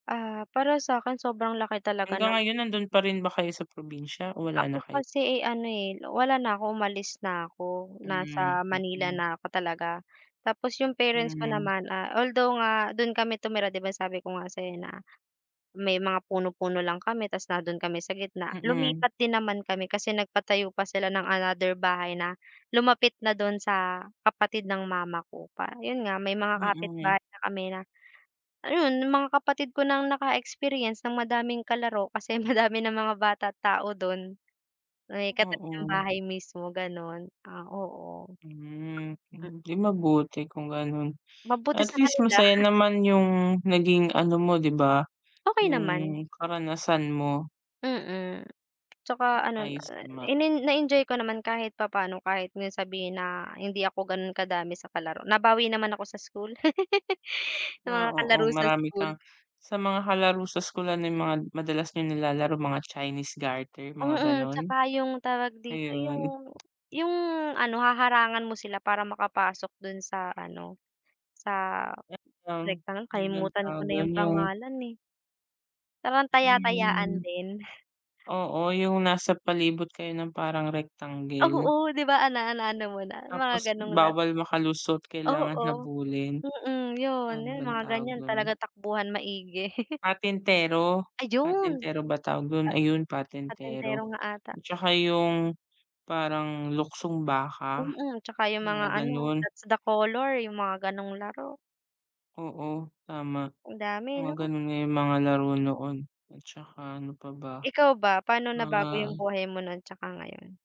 Ah, para sakin sobrang laki talaga Hanggang ng ngayon nandun pa rin ba kayo sa probinsya o wala na Ako kayo? kasi, eh, ano, eh, wala na ako umalis na ako, Hmm, nasa Manila mm. na ako talaga. Tapos yung parents ko Mhm. naman, ah, although nga dun kami tumira, 'di ba sabi ko nga sayo na may mga puno-puno lang kami, tapos nandun kami sa gitna Mm. lumipat din naman kami kasi nagpatayo pa sila ng another bahay na lumapit na dun sa kapatid ng mama ko pa yun nga may mga Mm. kapitbahay na kami na ayun yung mga kapatid ko nang naka experience ng madaming kalaro, kasi madami ng mga bata at tao dun, may katabi ng Oo. bahay mismo ganon, ah, oo. Hmm, Mm. di mabuti kung ganon, Mabuti at sa least kanila. masaya naman yung naging ano mo 'di ba? Okey naman. Yung karanasan mo. Mm, tsaka ano na ayos naman. inen na enjoy ko naman kahit papaano, kahit nga sabihin na hindi ako ganun kadami sa kalaro nabawi naman ako sa school ng Ah, mga oo kalaro sa marami school. kang sa mga kalaro sa school, ano yung mga madalas niyong nilalaro mga chinese garter? Mga Mm, ganon? tsaka yung tawag dito, Ayun. yung yung ano haharangan mo sila para makapasok dun sa ano sa At yung, rectang ano bang kalimutan ko tawag na yung dun yung pangalan, eh. Parang taya-tayaan Hmm. din. Oo yung nasa palibot kayo ng parang rectangle. Oo 'di ba, ana na ano mo na mga Tapos ganong laro. bawal makalusot, kailangan Oo, habulin. mm, yun Ano yun bang mga tawag ganyan dun? talaga takbuhan maigi. Patintero, Ayun! patintero ba tawag dun? Ayun Pa patintero patintero, nga ata. at tsaka yung parang luksong baka, Mm, tsaka yung mga mga ano ganon. that's the color, yung mga ganong laro. Oo tama Ang dami mga 'no? ganun nga yung mga laro noon, at tsaka ano pa ba? Ikaw ba paano nabago Ah. yung buhay mo nun tsaka ngayon?